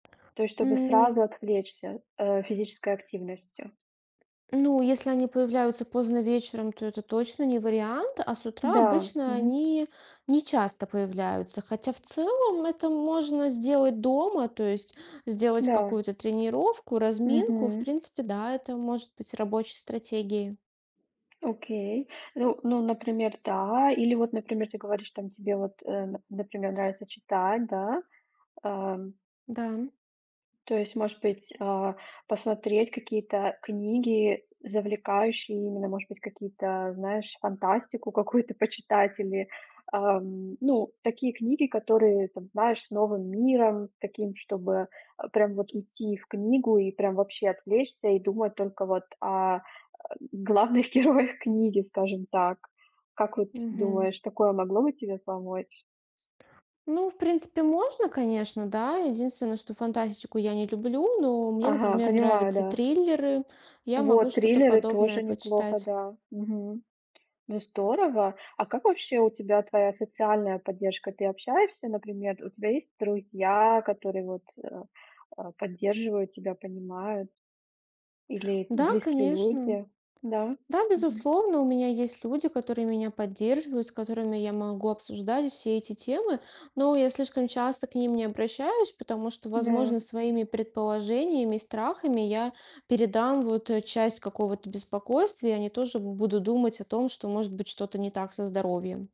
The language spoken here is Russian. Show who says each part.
Speaker 1: То есть, чтобы
Speaker 2: М.
Speaker 1: сразу отвлечься, э, физической активностью?
Speaker 2: Ну, если они появляются поздно вечером, то это точно не вариант. А с утра
Speaker 1: Да.
Speaker 2: обычно
Speaker 1: Мгм.
Speaker 2: они нечасто появляются, хотя в целом это можно сделать дома, то есть сделать
Speaker 1: Да.
Speaker 2: какую-то тренировку, разминку. В
Speaker 1: Мгм.
Speaker 2: принципе, да, это может быть рабочей стратегией.
Speaker 1: Окей. Ну ну например, да. Или вот, например, ты говоришь там, тебе вот, э, нап например, нравится читать, да. Ам.
Speaker 2: Да.
Speaker 1: То есть может быть, а, посмотреть какие-то книги, завлекающие именно, может быть какие-то знаешь фантастику, какую-то почитать или, ам. Ну, такие книги, которые там знаешь с новым миром таким, чтобы, а, прям вот идти и в книгу и прям вообще отвлечься и думать только вот о, э, главных героях книги, скажем так. Как вот
Speaker 2: Мгм.
Speaker 1: думаешь, такое могло бы тебе помочь?
Speaker 2: Ну, в принципе, можно, конечно, да. Единственное, что фантастику я не люблю, но мне,
Speaker 1: Ага,
Speaker 2: например,
Speaker 1: понимаю,
Speaker 2: нравятся
Speaker 1: да.
Speaker 2: триллеры. Я могу
Speaker 1: Вот,
Speaker 2: что-то
Speaker 1: триллеры
Speaker 2: подобное
Speaker 1: тоже неплохо,
Speaker 2: почитать.
Speaker 1: да. Мгм. Ну здорово. А как вообще у тебя твоя социальная поддержка? Ты общаешься, например, у тебя есть друзья, которые вот, э, а, поддерживают тебя, понимают или
Speaker 2: Да,
Speaker 1: близкие
Speaker 2: конечно.
Speaker 1: люди? Да.
Speaker 2: Да,
Speaker 1: Мгм.
Speaker 2: безусловно, у меня есть люди, которые меня поддерживают, с которыми я могу обсуждать все эти темы, но я слишком часто к ним не обращаюсь, потому что,
Speaker 1: Да.
Speaker 2: возможно, своими предположениями и страхами я передам вот, э, часть какого-то беспокойствия и они тоже будут думать о том, что может быть что-то не так со здоровьем.